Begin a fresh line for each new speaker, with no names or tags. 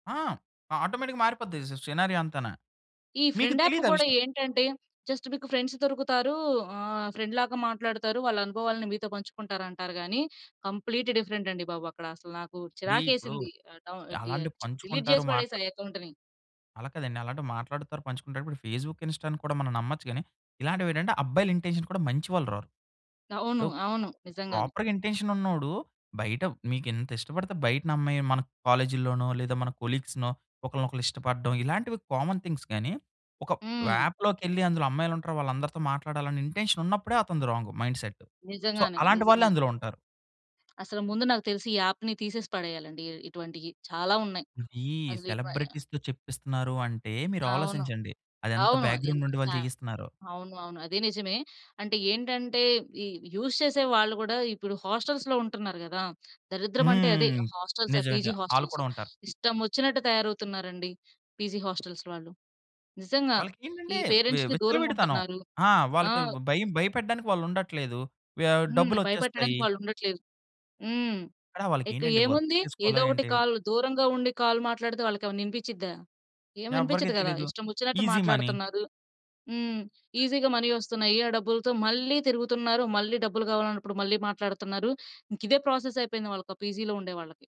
ఆ! ఆటోమేటిక్‌గా మారిపోద్ది సి సినారియో అంతనా.
ఈ
మీకు
ఫ్రెండ్ యాప్
తెలీదా
కూడా
విషయం?
ఏంటంటే జస్ట్ మీకు ఫ్రెండ్స్ దొరుకుతారు. ఆహ్, ఫ్రెండ్‌లాగా మాట్లాడుతారు. వాళ్ళ అనుభవాలను మీతో పంచుకుంటారంటారు గాని, కంప్లీట్ డిఫరెంట్ అండి బాబు. అక్కడ అసలు నాకు
డి ఇప్పుడు
చిరాకేసింది. ఆహ్, డౌ డి
అలాంటివి
డిలీట్
పంచుకుంటారు.
చేసి
మాట్ల
పడేసా అకౌంట్‌ని.
అలా కాదండి. అలాంటివి మాట్లాడుతారు. పంచుకుంటారు. ఇప్పుడు ఫేస్‌బుక్, ఇన్స్టా‌ని కూడా మనం నమ్మొచ్చు గాని, ఇలాంటివేటంటే అబ్బాయిల ఇంటెన్షన్ కూడా మంచివాళ్ళు రారు.
అవును.
ఇప్పుడు
అవును. నిజంగానే.
ప్రాపర్‌గా ఇంటెన్షన్ ఉన్నోడు. బయట మీకు ఎంత ఇష్టపడితే బయటనమ్మాయి మన కాలేజీ‌ల్లోనో లేదా మన కొలీగ్స్‌నో ఒకలినొకళ్ళు ఇష్టపడడం ఇలాంటివి కామన్ థింగ్స్ గాని, ఒక
హ్మ్.
అప్‌లోకెళ్ళి అందులో అమ్మాయిలుంటారు. వాళ్ళందరితో మాట్లాడాలి అనే ఇంటెన్షన్ ఉన్నప్పుడే, అతనిది రాంగ్ మైండ్‌సెట్. సో,
నిజంగానే.
అలాంటి వాళ్ళే
నిజంగానే.
అందులో ఉంటారు.
అసలు ముందు నాకు తెలిసి ఈ యప్‌ని తీసేసి పడేయా‌లండి. ఇ ఇటువంటివి చాలా ఉన్నాయి.
ఈ
అసలు ఇపాయ్
సెలబ్రిటీస్‌తో చెప్పిస్తున్నారంటే, మీరు
అవును.
ఆలోచించండి. అదెంత
అవును. ఇన్
బ్యాక్‌గ్రౌండ్ నుండి
చ
వాళ్ళు చేయిస్తున్నారో.
అవును. అవును అది నిజమే. అంటే ఏంటంటే ఈ యూజ్ చేసే వాళ్ళు కూడా ఇప్పుడు హాస్టల్‌లో ఉంటున్నారు కదా! దరిద్రం అంటే అదే
హ్మ్.
ఆ హాస్టల్స్ ఆ పీజీ
నిజమే‌గా ఆళ్ళు
హోస్టెల్స్
కూడా ఉంటారు.
ఇష్టం వచ్చినట్టు తయారవుతున్నారండి. పీజీ హోస్టెల్స్ వాళ్ళు. నిజంగా ఈ
వాళ్ళకేంటంటే వి
పేరెంట్స్‌కి
విచ్చలవిడితనం.
దూరంగుంటున్నారు.
ఆ!
ఆ!
వాళ్ళకి భయం భయపెట్టడానికి వాళ్ళుండట్లేదు. వ్య
హ్మ్. భయపెట్టడానికి
డబ్బులొచ్చేస్తాయి.
వాళ్ళుండట్లేదు. హ్మ్.
అక్కడ
ఇక
వాళ్ళకెంటంటే వర్క్
ఏముంది?
చేసుకోవాలా
ఏదో ఒకటి
ఏంటి?
కాల్ దూరంగా ఉండి కాల్ మాట్లాడితే, వాళ్ళకేమైనా వినిపించిద్దా? ఏం
ఎవరికీ
వినిపించదు కదా!
తెలియదు.
ఇష్టం వచ్చినట్టు
ఈజీ మనీ.
మాట్లాడుతున్నారు. హ్మ్. ఈజీగా మనీ వస్తున్నాయి. ఆ డబ్బులతో మళ్ళీ తిరుగుతున్నారు. మళ్ళీ డబ్బులు కావాలన్నప్పుడు మళ్ళీ మాట్లాడుతున్నారు. ఇంక ఇదే ప్రాసెస్ అయిపోయింది. వాళ్ళకి ఆ పీజీ‌లో ఉండేవాళ్ళకి.